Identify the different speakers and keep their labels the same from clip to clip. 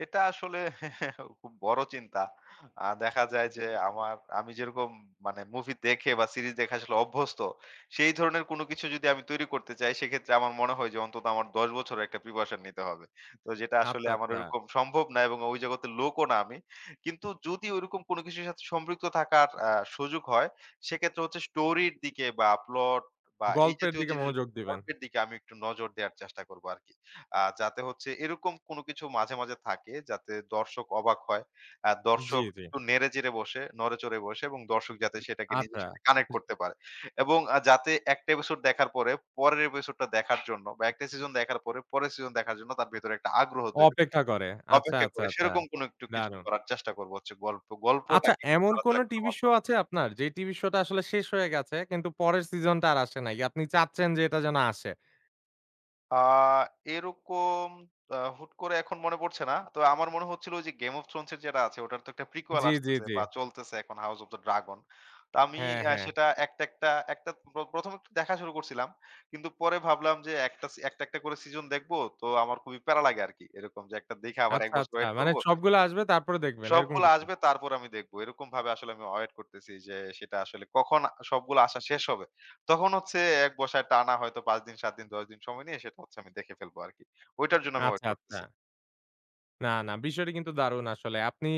Speaker 1: এটা আসলে খুব বড় চিন্তা। আ দেখা যায় যে আমার আমি যেরকম মানে মুভি দেখে বা সিরিজ দেখে আসলে অভ্যস্ত, সেই ধরনের কোন কিছু যদি আমি তৈরি করতে চাই, সেক্ষেত্রে আমার মনে হয় যে অন্তত আমার ১০ বছরের একটা প্রিপারেশন নিতে হবে। তো যেটা আসলে
Speaker 2: আচ্ছা,
Speaker 1: আমার
Speaker 2: আচ্ছা।
Speaker 1: ঐরকম সম্ভব না এবং অ ঐ জগতের লোকও না আমি। কিন্তু যদি ঐরকম কোন কিছুর সাথে সম্পৃক্ত থাকার আ সুযোগ হয়, সেক্ষেত্রে হচ্ছে স্টোরির দিকে বা, প্লট বা, এই
Speaker 2: গল্পের
Speaker 1: জাতীয়
Speaker 2: দিকে
Speaker 1: জিনিস
Speaker 2: মনোযোগ দিবেন।
Speaker 1: গল্পের দিকে আমি একটু নজর দেওয়ার চেষ্টা করবো আরকি। আ যাতে হচ্ছে এরকম কোন কিছু মাঝে, মাঝে থাকে যাতে দর্শক অবাক হয়। অ্যা
Speaker 2: জি,
Speaker 1: দর্শক
Speaker 2: জি।
Speaker 1: একটু নেড়ে-চেড়ে বসে নড়ে-চড়ে বসে এবং দর্শক যাতে সেটাকে নিজের
Speaker 2: আচ্ছা।
Speaker 1: সাথে কানেক্ট
Speaker 2: ইস
Speaker 1: করতে পারে। এবং আ যাতে ১ টা এপিসোড দেখার পরে, পরের এপিসোডটা দেখার জন্য বা, ১ টা সিজন দেখার পরে, পরের সিজন দেখার জন্য তার ভেতরে একটা আগ্রহ তৈরি
Speaker 2: অপেক্ষা করে। আচ্ছা,
Speaker 1: অপেক্ষা
Speaker 2: আচ্ছা,
Speaker 1: করে
Speaker 2: আচ্ছা।
Speaker 1: সেরকম কোনো একটু কিছু
Speaker 2: দারুণ।
Speaker 1: করার চেষ্টা করবো হচ্ছে গল্প
Speaker 2: আচ্ছা,
Speaker 1: গল্পটাকে একটু
Speaker 2: এমন কোন
Speaker 1: আলাদা করার
Speaker 2: টিভি শো
Speaker 1: মাধ্যমে।
Speaker 2: আছে আপনার? যে টিভি শোটা আসলে শেষ হয়ে গেছে, কিন্তু পরের সিজনটা আর আসে নাই। আপনি চাচ্ছেন যে এটা যেন আসে।
Speaker 1: আ এরকম অ্যা হুট করে এখন মনে পড়ছে না। তো আমার মনে হচ্ছিল যে 'Game of Thrones' এর যেটা আছে, ওটার তো একটা prequel
Speaker 2: জি, জি,
Speaker 1: আসতেছে
Speaker 2: জি।
Speaker 1: বা চলতেছে এখন' House of the Dragon।' তো আমি
Speaker 2: হ্যাঁ,
Speaker 1: আ
Speaker 2: হ্যাঁ।
Speaker 1: সেটা একটা, একটা, একটা প্র প্রথমত দেখা শুরু করছিলাম। কিন্তু পরে ভাবলাম যে, একটা সি একটা, একটা করে সিজন দেখবো। তো আমার খুবই প্যারা লাগে আরকি এরকম যে, একটা দেখে আবার ১
Speaker 2: আচ্ছা,
Speaker 1: বছর
Speaker 2: আচ্ছা।
Speaker 1: ওয়েট
Speaker 2: মানে
Speaker 1: করবো?
Speaker 2: সবগুলো আসবে। তারপরে দেখবেন এরকম
Speaker 1: সবগুলো
Speaker 2: কিছু?
Speaker 1: আসবে তারপর আমি দেখব। এরকমভাবে আসলে আমি ওয়েট করতেছি, যে সেটা আসলে কখন আ সবগুলো আসা শেষ হবে। তখন হচ্ছে ১ বসায় টানা হয়তো ৫ দিন, ৭ দিন, ১০ দিন সময় নিয়ে সেটা হচ্ছে আমি দেখে ফেলবো আরকি। ঐটার জন্য আমি
Speaker 2: আচ্ছা,
Speaker 1: ওয়েট করতেছি।
Speaker 2: আচ্ছা। না, না, বিষয়টা কিন্তু দারুন আসলে। আপনি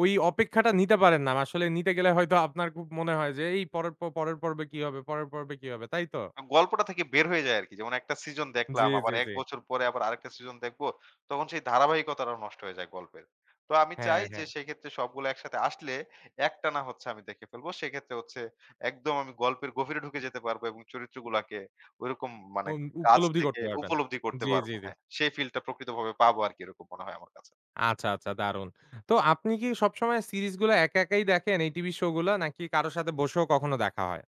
Speaker 2: ঐ অপেক্ষাটা নিতে পারেন না। ম আসলে নিতে গেলে হয়তো আপনার খুব মনে হয় যে এই পরের প পরের পর্বে কি হবে পরের পর্বে কি হবে, তাই তো?
Speaker 1: য়াম গল্পটা থেকে বের হয়ে যায় আরকি। যেমন একটা সিজন
Speaker 2: জি,
Speaker 1: দেখলাম
Speaker 2: জি,
Speaker 1: আবার ১
Speaker 2: জি।
Speaker 1: বছর পরে আবার আরেকটা সিজন দেখবো, তখন সেই ধারাবাহিকতাটা নষ্ট হয়ে যায় গল্পের। তো আমি
Speaker 2: হ্যাঁ,
Speaker 1: চাই যে
Speaker 2: হ্যাঁ।
Speaker 1: সেক্ষেত্রে সবগুলো একসাথে আসলে, একটানা হচ্ছে আমি দেখে ফেলব। সেক্ষেত্রে হচ্ছে একদম আমি গল্পের গভীরে ঢুকে যেতে পারবো এবং চরিত্রগুলাকে ওইরকম মানে
Speaker 2: উম
Speaker 1: কাছ
Speaker 2: উপলব্ধি
Speaker 1: থেকে
Speaker 2: করতে পারবেন।
Speaker 1: উপলব্ধি করতে
Speaker 2: জি, জি,
Speaker 1: পারবো।
Speaker 2: জি।
Speaker 1: হ্যাঁ। সেই ফিলটা প্রকৃতভাবে পাবো আরকি, এরকম মনে হয় আমার কাছে।
Speaker 2: আচ্ছা, আচ্ছা, দারুণ। তো আপনি কি সবসময় সিরিজগুলো একা একাই দেখেন এই টিভি শোগুলা? নাকি কারো সাথে বসেও কখনো দেখা হয়?